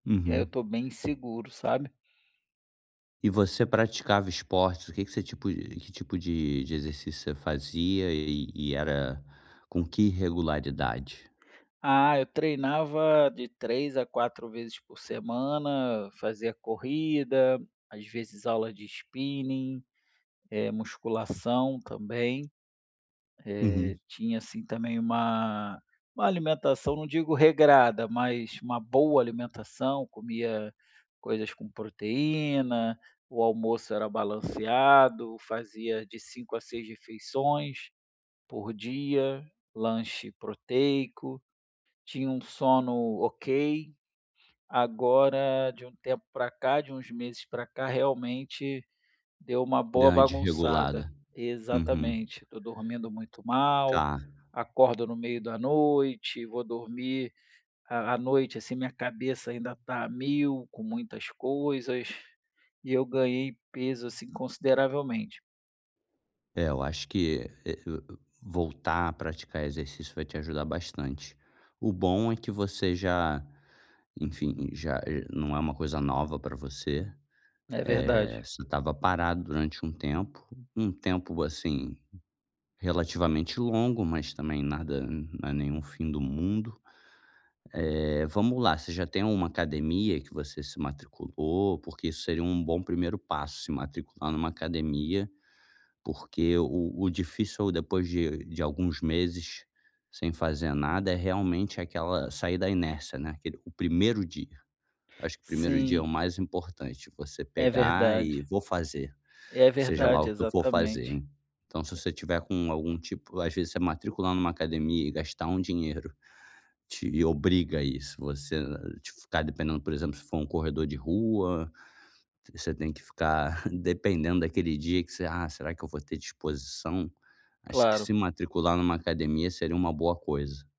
Eh, eu Uhum. tô bem inseguro, sabe. E você praticava esportes, o que que você tipo de que tipo de de exercício você fazia e e era com que regularidade? Ah, eu treinava de 3 a 4 vezes por semana, fazia corrida, às vezes aula de spinning, eh, musculação também. Uhum. Eh, tinha, assim, também uma uma alimentação, não digo regrada, mas uma boa alimentação, comia coisas com proteína, o almoço era balanceado, fazia de 5 a 6 refeições por dia, lanche proteico, tinha um sono ok. Agora, de um tempo pra cá, de uns meses pra cá, realmente deu uma Deu boa uma bagunçada. desregulada. Uhum. Exatamente. Tô dormindo muito mal, Tá. acordo no meio da noite, vou dormir à à noite, assim, minha cabeça ainda tá a 1000, com muitas coisas, e eu ganhei peso, assim, consideravelmente. É, eu acho que, eh, o o voltar a praticar exercício vai te ajudar bastante. O bom é que você já, enfim, já eh, não é uma coisa nova pra você. É Eh, verdade. você estava parado durante um tempo, um tempo, assim, relativamente longo, mas também nada não é nenhum fim do mundo. Eh, vamos lá, você já tem uma academia que você se matriculou? Porque isso seria um bom primeiro passo, se matricular numa academia, porque o o difícil é o depois de de alguns meses sem fazer nada é realmente aquela "sair da inércia", né, aquele "o primeiro dia". Acho que o primeiro dia é Sim. o mais importante, você É pegar e verdade. "vou fazer, É seja lá verdade, o que eu for fazer", exatamente. en então se você tiver com algum tipo às vezes você matricular numa academia e gastar um dinheiro te obriga a isso. Você, eh, tipo, ficar dependendo, por exemplo, se for um corredor de rua, você tem que ficar dependendo daquele dia que você: "Ah, será que eu vou ter disposição?". Acho que Claro. se matricular numa academia seria uma boa coisa.